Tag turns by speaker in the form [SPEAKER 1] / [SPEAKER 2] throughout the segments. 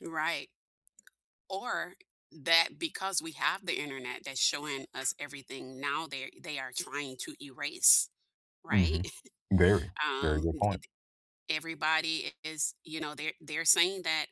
[SPEAKER 1] Right. Or, that because we have the Internet that's showing us everything, now they they are trying to erase, right?
[SPEAKER 2] Mhm. Very. Very
[SPEAKER 1] Um,
[SPEAKER 2] good
[SPEAKER 1] it
[SPEAKER 2] point.
[SPEAKER 1] it everybody is you know, they're they're saying that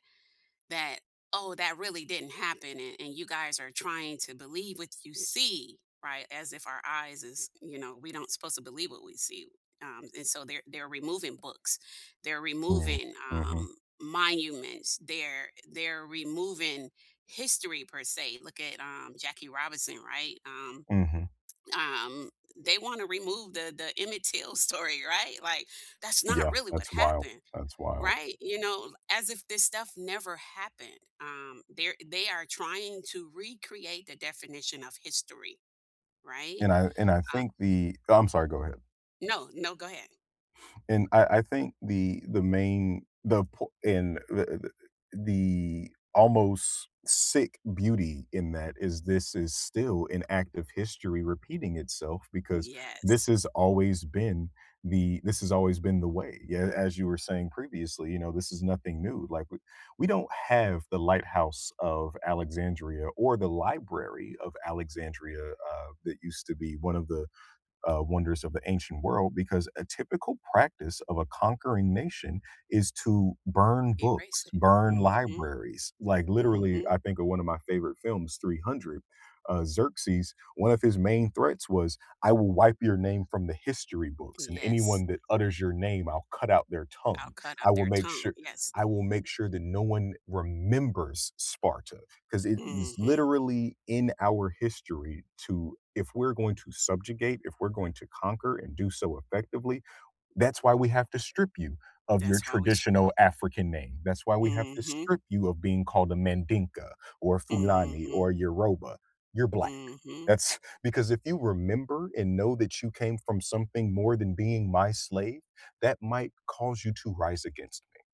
[SPEAKER 1] that "Oh, that really didn't happen, and and you guys are trying to believe what you see," right, as if our eyes is you know, we don't supposed to believe what we see, um, and so they're they're removing books, they're
[SPEAKER 2] Mm,
[SPEAKER 1] removing,
[SPEAKER 2] mhm.
[SPEAKER 1] um, monuments, they're they're removing history per se, look at, um, Jackie Robinson, right? Um
[SPEAKER 2] Mhm.
[SPEAKER 1] um, they wanna remove the the Emmett Till story, right? Like, "That's not
[SPEAKER 2] Yeah,
[SPEAKER 1] really what
[SPEAKER 2] that's wild.
[SPEAKER 1] happened."
[SPEAKER 2] That's wild.
[SPEAKER 1] Right? You know, as if this stuff never happened, um, they're they are trying to recreate the definition of history, right?
[SPEAKER 2] And I and I
[SPEAKER 1] Uh
[SPEAKER 2] think the Oh, I'm sorry, go ahead.
[SPEAKER 1] No, no, go ahead.
[SPEAKER 2] And I I think the the main the po and the the the almost sick beauty in that is, this is still an active history repeating itself because this
[SPEAKER 1] Yes.
[SPEAKER 2] has always been the this has always been the way. Yeah, as you were saying previously, you know, this is nothing new, like, we We don't have the Lighthouse of Alexandria or the Library of Alexandria, uh, that used to be one of the, uh, Wonders of the Ancient World because a typical practice of a conquering nation is to burn books,
[SPEAKER 1] Erase it.
[SPEAKER 2] burn
[SPEAKER 1] Mhm.
[SPEAKER 2] libraries, like literally,
[SPEAKER 1] Mhm.
[SPEAKER 2] I think of one of my favorite films, 300, uh, Xerxes, one of his main threats was, "I will wipe your name from the history books and
[SPEAKER 1] Yes.
[SPEAKER 2] anyone that utters your name, I'll cut out their
[SPEAKER 1] "I'll
[SPEAKER 2] tongue.
[SPEAKER 1] cut
[SPEAKER 2] I
[SPEAKER 1] out
[SPEAKER 2] will
[SPEAKER 1] their
[SPEAKER 2] make
[SPEAKER 1] tongue."
[SPEAKER 2] sure
[SPEAKER 1] Yes.
[SPEAKER 2] I will make sure that no one remembers Sparta." 'Cause it is
[SPEAKER 1] Mhm.
[SPEAKER 2] literally in our history to if we're going to subjugate, if we're going to conquer and do so effectively, that's why we have to strip you of your
[SPEAKER 1] That's why we sh
[SPEAKER 2] traditional African name. That's why we have to
[SPEAKER 1] Mhm.
[SPEAKER 2] strip you of being called a Mandinka or Fulani
[SPEAKER 1] Mhm.
[SPEAKER 2] or Yoruba. You're Black.
[SPEAKER 1] Mhm.
[SPEAKER 2] That's because if you remember and know that you came from something more than being my slave, that might cause you to rise against me.